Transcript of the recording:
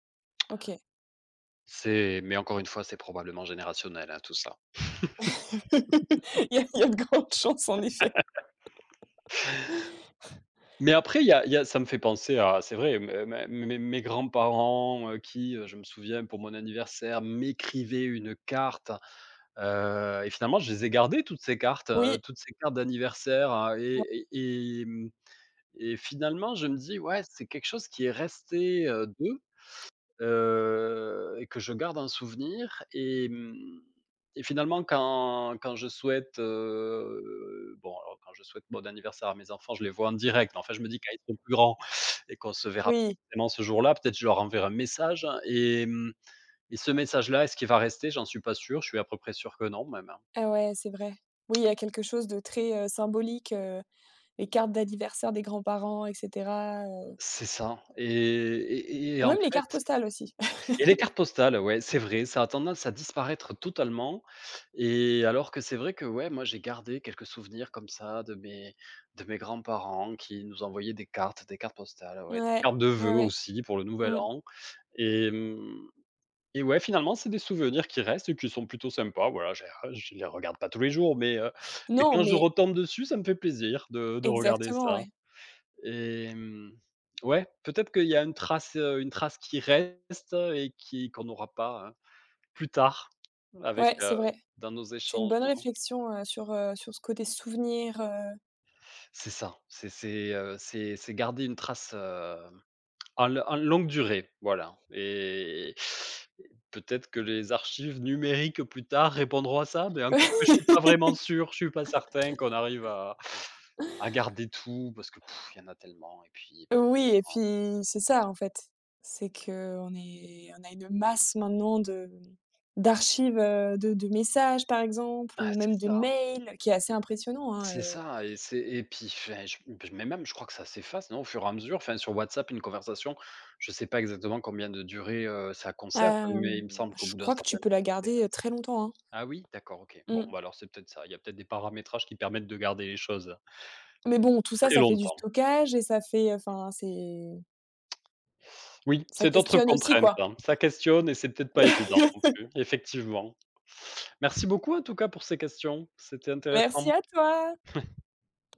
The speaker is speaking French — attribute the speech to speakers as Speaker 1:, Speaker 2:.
Speaker 1: OK.
Speaker 2: C'est mais encore une fois, c'est probablement générationnel, hein, tout ça.
Speaker 1: Il y a il y a de grandes chances en effet.
Speaker 2: Mais après il y a il y a ça me fait penser à c'est vrai, m ma mes mes mes grands-parents, heu, qui, je me souviens pour mon anniversaire, m'écrivaient une carte, heu, et finalement je les ai gardées toutes ces cartes, heu,
Speaker 1: Oui.
Speaker 2: toutes ces cartes d'anniversaire, heu,
Speaker 1: [unintelligible]
Speaker 2: et et et mmh et finalement je me dis: «Ouais, c'est quelque chose qui est resté, heu, d'eux». Heu, et que je garde en souvenir et mmh et finalement quand quand je souhaite, heu, bon, alors quand je souhaite bon anniversaire à mes enfants, je les vois en direct, enfin je me dis quand ils seront plus grands et qu'on se verra pas
Speaker 1: Oui.
Speaker 2: forcément ce jour-là, peut-être je leur enverrai un message et mmh et ce message là, est-ce qu'il va rester? J'en suis pas sûr, je suis à peu près sûr que non même, hein.
Speaker 1: Ah ouais, c'est vrai. Oui, il y a quelque chose de très, heu, symbolique, heu, les cartes d'anniversaire des grands-parents, et cetera, heu
Speaker 2: C'est ça et et et et en
Speaker 1: Ouais, les
Speaker 2: fait
Speaker 1: cartes postales aussi.
Speaker 2: et les cartes postales, ouais, c'est vrai, ça a tendance à disparaître totalement et alors que c'est vrai que ouais, moi j'ai gardé quelques souvenirs comme ça de mes de mes grands-parents qui nous envoyaient des cartes des cartes postales, ouais, des
Speaker 1: Ouais,
Speaker 2: cartes de
Speaker 1: ouais,
Speaker 2: voeux
Speaker 1: ouais.
Speaker 2: aussi pour le nouvel
Speaker 1: Mmh.
Speaker 2: an et mmh et ouais, finalement, c'est des souvenirs qui restent et qui sont plutôt sympas. Voilà, je les je les regarde pas tous les jours, mais heu,
Speaker 1: Non,
Speaker 2: quand je
Speaker 1: mais
Speaker 2: retombe dessus, ça me fait plaisir de de regarder
Speaker 1: Exactement,
Speaker 2: ça
Speaker 1: ouais.
Speaker 2: et mmh. Ouais, peut-être qu'il y a une trace, heu, une trace qui reste et qui qu'on aura pas hein, plus tard, avec,
Speaker 1: Ouais,
Speaker 2: heu,
Speaker 1: c'est vrai.
Speaker 2: dans nos
Speaker 1: C'est une
Speaker 2: échanges,
Speaker 1: bonne
Speaker 2: non.
Speaker 1: réflexion, heu, sur, heu, sur ce côté souvenir, heu
Speaker 2: C'est ça, c'est c'est, heu, c'est c'est garder une trace, heu, en en longue durée, voilà et et peut-être que les archives numériques plus tard répondront à ça, mais encore que je suis pas vraiment sûr, je ne suis pas certain qu'on arrive à à garder tout, parce que il y en a tellement et puis
Speaker 1: Oui, et
Speaker 2: en
Speaker 1: puis c'est ça, en fait. C'est qu'on est on a une masse, maintenant, de, mmh, d'archives, heu, de de messages, par exemple,
Speaker 2: Ah,
Speaker 1: ou
Speaker 2: c'est
Speaker 1: même de
Speaker 2: ça.
Speaker 1: mails, qui est assez impressionnant, hein,
Speaker 2: C'est
Speaker 1: heu
Speaker 2: ça, et c'est, et puis enfin, je m mais même, je crois que ça s'efface, non, au fur et à mesure. Enfin, sur WhatsApp, une conversation, je sais pas exactement combien de durée, heu, ça conserve, mais
Speaker 1: Hem.
Speaker 2: il me semble qu'au
Speaker 1: Je
Speaker 2: bout d'un
Speaker 1: crois que tu
Speaker 2: certain temps,
Speaker 1: peux la
Speaker 2: ça
Speaker 1: garder,
Speaker 2: s'efface.
Speaker 1: très longtemps, hein.
Speaker 2: Ah oui, d'accord, OK. Bon
Speaker 1: Mmh.
Speaker 2: bah alors, c'est peut-être ça, il y a peut-être des paramétrages qui permettent de garder les choses
Speaker 1: Mais bon, tout ça,
Speaker 2: très
Speaker 1: ça fait du
Speaker 2: longtemps.
Speaker 1: stockage, et ça fait. Enfin, c'est
Speaker 2: Oui,
Speaker 1: Ça
Speaker 2: c'est d'autres
Speaker 1: questionne aussi,
Speaker 2: contraintes.
Speaker 1: quoi.
Speaker 2: Ca questionne et c'est peut-être pas évident non plus, effectivement. Merci beaucoup en tout cas pour ces questions, c'était intéressant.
Speaker 1: Merci à toi.